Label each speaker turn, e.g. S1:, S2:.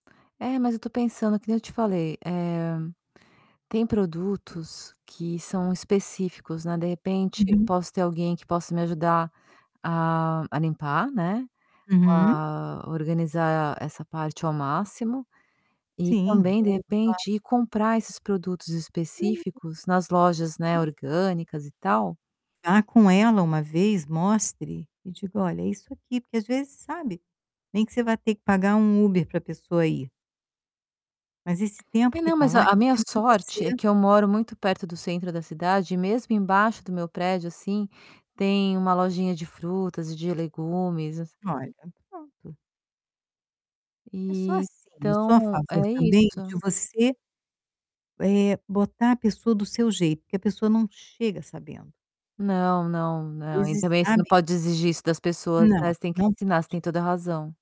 S1: É, mas eu tô pensando, que nem eu te falei, eh, tem produtos que são específicos, né, de repente eu
S2: Uhum.
S1: posso ter alguém que possa me ajudar a a limpar, né,
S2: Uhum.
S1: a organizar essa parte ao máximo. E
S2: Sim
S1: também, de
S2: ou claro!
S1: repente, ir comprar esses produtos
S2: Hum,
S1: específicos nas lojas, né,
S2: sim.
S1: orgânicas, e tal
S2: Vá com ela uma vez, mostre e diga: "Olha, é isso aqui", porque às vezes sabe, nem que você vai ter que pagar um Uber pra pessoa ir mas esse tempo
S1: E
S2: que
S1: não,
S2: tá
S1: mas, não,
S2: lá
S1: a a
S2: é
S1: minha
S2: tempo que
S1: sorte é
S2: você
S1: que eu moro muito perto do centro da cidade e mesmo embaixo do meu prédio, assim, tem uma lojinha de frutas e de legumes, essas
S2: Olha, pronto. É só assim, eu sou a
S1: Então, é
S2: favor também de
S1: isso.
S2: você eh, botar a pessoa do seu jeito, porque a pessoa não chega sabendo.
S1: Não, não,
S2: Às
S1: não. E
S2: vezes,
S1: também você não
S2: sabe
S1: pode exigir isso das pessoas,
S2: Não,
S1: né, você tem que
S2: não
S1: ensinar, você tem
S2: pode.
S1: toda a razão.